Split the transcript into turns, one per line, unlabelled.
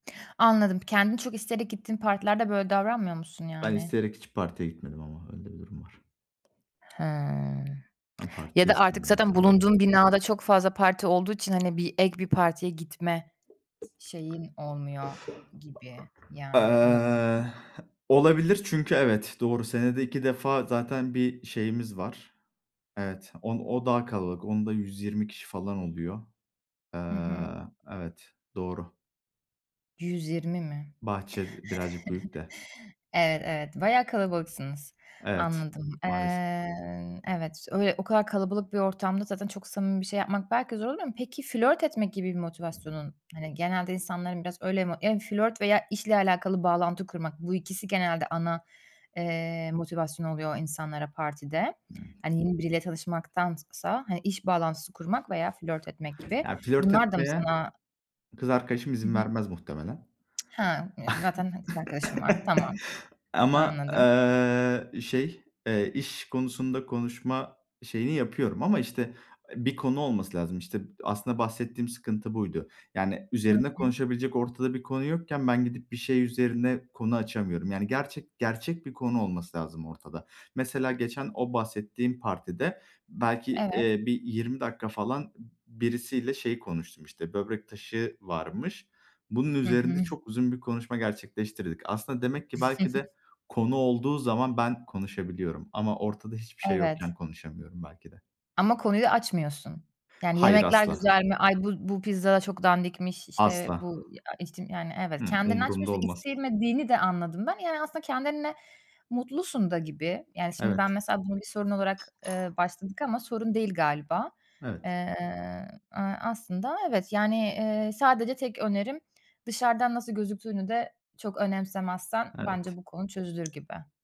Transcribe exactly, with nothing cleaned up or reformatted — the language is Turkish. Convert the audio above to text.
Anladım. Kendin çok isteyerek gittiğin partilerde böyle davranmıyor musun
Ben
yani?
isteyerek hiç partiye gitmedim ama öyle de bir durum var.
Hıı,
Ben
ya
partiyi
da artık
istemiyorum
zaten bulunduğun
[unintelligible]
binada çok fazla parti olduğu için, hani, bir ek bir partiye gitme şeyin olmuyor gibi yani, olabilir de.
Eee, olabilir çünkü evet, doğru senede iki defa zaten bir şeyimiz var. Evet, on o daha kalabalık. Onda yüz yirmi kişi falan oluyor. Eee,
Hı hı.
evet doğru.
yüz yirmi mi?
Bahçe d birazcık büyük de.
Evet evet, bayağı kalabalıksınız.
Evet,
Anladım.
maalesef.
Eee, evet, öyle, o kadar kalabalık bir ortamda zaten çok samimi bir şey yapmak belki zor oluyor mu? Peki flört etmek gibi bir motivasyonun, hani, genelde insanların biraz öyle mo yani flört veya işle alakalı bağlantı kurmak, bu ikisi genelde ana, eee, motivasyon oluyor insanlara partide.
Hımm.
Hani, yeni biriyle çalışmaktansa, hani, iş bağlantısı kurmak veya flört etmek gibi
Ya flört
bunlar da mı
etmeye
sana
kız arkadaşım,
Hı
izin
hı.
vermez muhtemelen.
Ha yani zaten ha kız arkadaşın var. Tamam.
Ama,
Anladım.
eee, şey, eee, iş konusunda konuşma şeyini yapıyorum ama işte, eee, bir konu olması lazım işte. Aslında bahsettiğim sıkıntı buydu. Yani,
Hı
üzerine
hı.
konuşabilecek ortada bir konu yokken ben gidip bir şey üzerine konu açamıyorum. Yani, gerçek, gerçek bir konu olması lazım ortada. Mesela geçen o bahsettiğim partide belki,
Evet.
eee, bir yirmi dakika falan b birisiyle şey konuştum, işte, böbrek taşı varmış. Bunun
Hı
üzerinde
hı.
çok uzun bir konuşma gerçekleştirdik. Aslında demek ki, belki de, konu olduğu zaman ben konuşabiliyorum ama ortada hiçbir şey
Evet.
yokken konuşamıyorum belki de.
Ama konuyu açmıyorsun. Yani,
Hayır
"Yemekler
asla.
güzel mi? Ay, bu bu pizza da çok dandikmiş." İşte
Asla.
bu ya işte yani evet.
Hımm,
Kendini
umurumda
açmıyorsun.
olmaz.
İstemediğini de anladım ben. Yani aslında kendinle mutlusun da gibi. Yani şimdi ben
Evet.
mesela buna bir sorun olarak, ııı, başladık ama sorun değil galiba.
Evet.
Eee, aaa, aslında evet yani, eee, sadece tek önerim dışarıdan nasıl gözüktüğünü de çok önemsemezsen bence
Evet.
bu konu çözülür gibi.